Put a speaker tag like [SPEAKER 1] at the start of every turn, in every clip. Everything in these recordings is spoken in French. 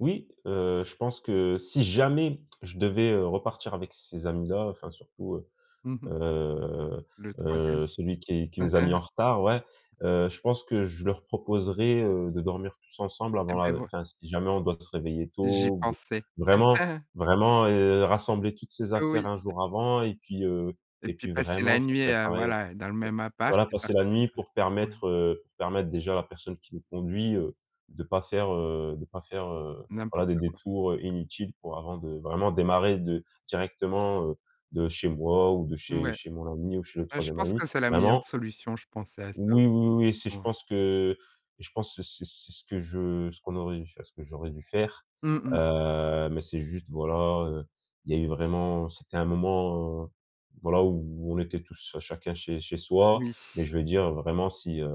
[SPEAKER 1] Oui, heu, je pense que, si jamais je devais, heu, repartir avec ces amis-là, enfin, surtout, heu,
[SPEAKER 2] Mmh mh.
[SPEAKER 1] heu,
[SPEAKER 2] Le 3e.
[SPEAKER 1] heu, celui qui qui nous a mis en retard, ouais. Heu, je pense que je leur proposerais, heu, de dormir tous ensemble avant
[SPEAKER 2] Eh beh,
[SPEAKER 1] la
[SPEAKER 2] voi
[SPEAKER 1] enfin, si jamais on doit se réveiller
[SPEAKER 2] J'y
[SPEAKER 1] tôt, ou b
[SPEAKER 2] pensais.
[SPEAKER 1] vraiment vraiment, heu, rassembler toutes ses
[SPEAKER 2] Heu,
[SPEAKER 1] affaires
[SPEAKER 2] oui.
[SPEAKER 1] 1 jour avant et puis, heu,
[SPEAKER 2] Et
[SPEAKER 1] et
[SPEAKER 2] puis
[SPEAKER 1] puis
[SPEAKER 2] passer
[SPEAKER 1] vraiment
[SPEAKER 2] la
[SPEAKER 1] se
[SPEAKER 2] nuit, heu,
[SPEAKER 1] préparer!
[SPEAKER 2] voila, heu, dans le même appart,
[SPEAKER 1] Voilà,
[SPEAKER 2] et
[SPEAKER 1] passer
[SPEAKER 2] partir,
[SPEAKER 1] la nuit
[SPEAKER 2] heu,
[SPEAKER 1] pour
[SPEAKER 2] ouais.
[SPEAKER 1] permettre, heu, permettre, déjà, à la personne qui nous conduit, heu, de pas faire, heu, de pas faire, heu, voilà, des
[SPEAKER 2] N'importe quoi.
[SPEAKER 1] détours, heu, inutiles, pour, avant de vraiment démarrer de directement, heu, de chez moi ou de chez
[SPEAKER 2] Ouais.
[SPEAKER 1] chez mon ami ou chez le
[SPEAKER 2] Heu, je
[SPEAKER 1] 3e
[SPEAKER 2] pense
[SPEAKER 1] ami.
[SPEAKER 2] que c'est la meilleure
[SPEAKER 1] Vraiment!
[SPEAKER 2] solution. Je pensais à ça,
[SPEAKER 1] Oui, oui,
[SPEAKER 2] aussi.
[SPEAKER 1] oui, si, je
[SPEAKER 2] Ouais.
[SPEAKER 1] pense que, heu, et je pense que c c c'est ce que je ce qu'on aurait dû fai enfin, ce que j'aurais dû faire,
[SPEAKER 2] Mmh mh.
[SPEAKER 1] heu, mais c'est juste, voilà, heu, il y a eu vraiment, c'était un moment, heu, voilà, où on était tous à chacun chez chez soi, mais
[SPEAKER 2] Oui.
[SPEAKER 1] je veux dire, vraiment, si, heu,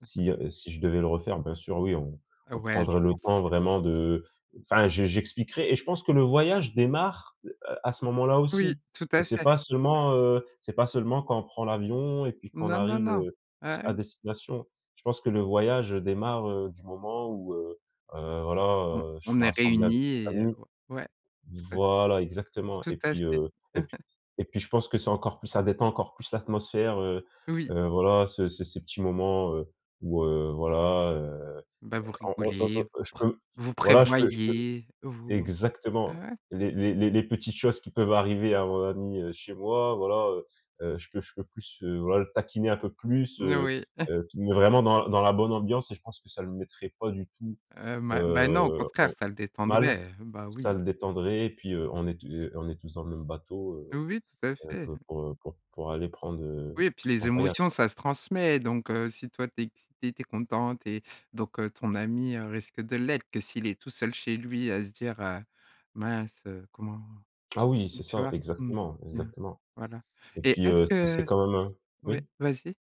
[SPEAKER 2] Mmh mh.
[SPEAKER 1] heu, si je devais le refaire, bien sûr, oui, on
[SPEAKER 2] Heu,
[SPEAKER 1] on
[SPEAKER 2] ouais, je
[SPEAKER 1] prendrait le
[SPEAKER 2] pense
[SPEAKER 1] temps,
[SPEAKER 2] que
[SPEAKER 1] vraiment, de enfin, je j'expliquerais, et je pense que le voyage démarre, heu, à ce moment-là
[SPEAKER 2] Oui,
[SPEAKER 1] aussi.
[SPEAKER 2] tout
[SPEAKER 1] Heu,
[SPEAKER 2] à
[SPEAKER 1] c'est
[SPEAKER 2] fait.
[SPEAKER 1] pas seulement, heu, c'est pas seulement quand on prend l'avion et puis qu'on
[SPEAKER 2] Non, non,
[SPEAKER 1] arrive,
[SPEAKER 2] non!
[SPEAKER 1] heu, s
[SPEAKER 2] Ah
[SPEAKER 1] à
[SPEAKER 2] oui?
[SPEAKER 1] destination. Je pense que le voyage, heu, démarre, heu, du moment où, heu, heu, voilà,
[SPEAKER 2] On
[SPEAKER 1] heu, je
[SPEAKER 2] on
[SPEAKER 1] suis
[SPEAKER 2] est
[SPEAKER 1] rassemblé avec
[SPEAKER 2] réunis
[SPEAKER 1] des
[SPEAKER 2] et heu,
[SPEAKER 1] amis
[SPEAKER 2] o ouais, tout a
[SPEAKER 1] voilà, exactement!
[SPEAKER 2] Tout
[SPEAKER 1] Et
[SPEAKER 2] à
[SPEAKER 1] puis,
[SPEAKER 2] fait.
[SPEAKER 1] heu, et p et puis je pense que c'est encore plus ça détend encore plus l'atmosphère, heu,
[SPEAKER 2] Oui.
[SPEAKER 1] heu, voilà, ce ces ces petits moments, heu, où, heu, voilà, heu,
[SPEAKER 2] Bah, vous
[SPEAKER 1] en on on
[SPEAKER 2] rigolez, vous
[SPEAKER 1] on je
[SPEAKER 2] pr
[SPEAKER 1] peux,
[SPEAKER 2] vous
[SPEAKER 1] voilà je peux je peux
[SPEAKER 2] prévoyez, vous
[SPEAKER 1] exactement!
[SPEAKER 2] ouais!
[SPEAKER 1] Les les les petites choses qui peuvent arriver à mon ami, heu, chez moi, voilà, heu, heu, je peux je peux plus, heu, voilà, le taquiner un peu plus,
[SPEAKER 2] N
[SPEAKER 1] heu,
[SPEAKER 2] oui.
[SPEAKER 1] heu fi mais vraiment dans dans la bonne ambiance et je pense que ça le mettrait pas du tout,
[SPEAKER 2] Heu, ma beh,
[SPEAKER 1] heu,
[SPEAKER 2] non, au
[SPEAKER 1] en
[SPEAKER 2] contraire, ça le
[SPEAKER 1] mal,
[SPEAKER 2] détendrait, bah,
[SPEAKER 1] ça
[SPEAKER 2] oui.
[SPEAKER 1] le détendrait et puis, heu, on est tou heu, on est tous dans le même bateau, heu,
[SPEAKER 2] Oui, tout à
[SPEAKER 1] c'est un
[SPEAKER 2] fait.
[SPEAKER 1] peu pour, heu, pour pour aller prendre, heu,
[SPEAKER 2] Oui, et puis
[SPEAKER 1] c'est
[SPEAKER 2] les
[SPEAKER 1] un voyage,
[SPEAKER 2] émotions,
[SPEAKER 1] quoi.
[SPEAKER 2] ça se transmet, donc heu, si toi, tu es excité, tu es content, tu es donc heu, ton ami, heu, risque de l'être! Que s'il est tout seul, chez lui, à se dire, heu: «Mince, heu, comment?»
[SPEAKER 1] Ah, oui,
[SPEAKER 2] donc
[SPEAKER 1] c'est
[SPEAKER 2] tu
[SPEAKER 1] ça,
[SPEAKER 2] vois? Mmh,
[SPEAKER 1] exactement!
[SPEAKER 2] bien,
[SPEAKER 1] Exactement,
[SPEAKER 2] voilà,
[SPEAKER 1] et
[SPEAKER 2] et
[SPEAKER 1] puis,
[SPEAKER 2] est-ce
[SPEAKER 1] heu, c'est c'est
[SPEAKER 2] que
[SPEAKER 1] quand même, un
[SPEAKER 2] ouais,
[SPEAKER 1] oui?
[SPEAKER 2] vas-y.